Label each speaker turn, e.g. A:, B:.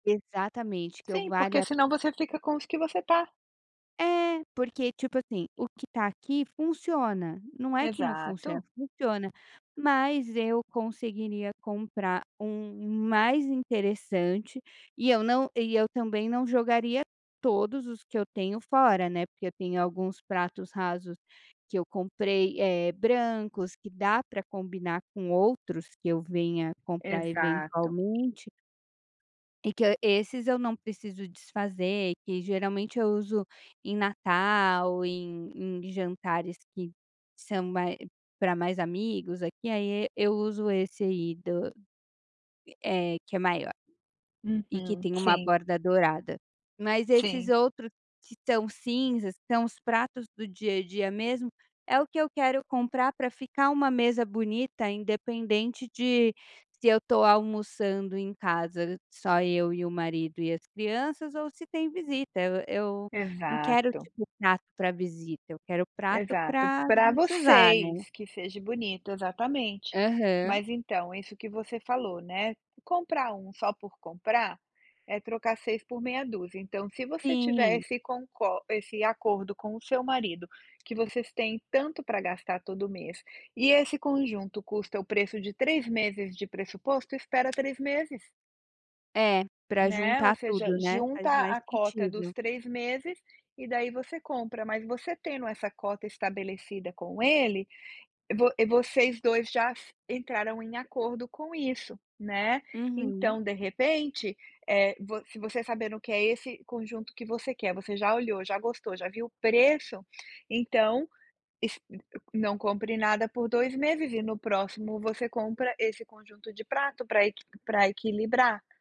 A: Exatamente que eu
B: Sim, porque
A: valha
B: senão você fica com os que você tá.
A: É, porque, tipo assim, o que tá aqui funciona, não é que não funciona,
B: Exato.
A: funciona, mas eu conseguiria comprar um mais interessante e eu não e eu também não jogaria todos os que eu tenho fora né, porque eu tenho alguns pratos rasos que eu comprei, eh, brancos que dá para combinar com outros que eu venha comprar
B: Exato.
A: eventualmente e que hã esses eu não preciso desfazer, que geralmente eu uso em Natal, em em jantares que são mais para mais amigos aqui, aí eu uso esse aí do, é que é maior, e que
B: Uhum,
A: tem uma
B: sim.
A: borda dourada. Mas esses
B: Sim.
A: outros que estão cinzas que são os pratos do dia a dia mesmo é o que eu quero comprar para ficar uma mesa bonita independente de se eu tô almoçando em casa só eu e o marido e as crianças ou se tem visita eu eu não quero,
B: Exato.
A: tipo, prato para visita eu quero prato
B: Exato,
A: para
B: para
A: gente usar, né?
B: vocês, que seja bonito, exatamente,
A: Aham.
B: mas então isso que você falou, né, comprar um só por comprar, é trocar 6 por meia dúzia, então se você
A: Sim.
B: tivesse com cor esse acordo com o seu marido que vocês têm tanto para gastar todo mês e esse conjunto custa o preço de 3 meses de pressuposto, espera 3 meses.
A: É, para
B: Né, ou
A: juntar
B: seja,
A: tudo, né,
B: junta
A: faz mais
B: a cota
A: sentido.
B: dos 3 meses e daí você compra, mas você tendo essa cota estabelecida com ele, vo vocês 2 já se entraram em acordo com isso, né,
A: Uhum.
B: então de repente, eh, vo se você sabendo que é esse conjunto que você quer, você já olhou, já gostou, já viu preço, então es não compre nada por 2 meses e no próximo você compra esse conjunto de prato para equi para equilibrar.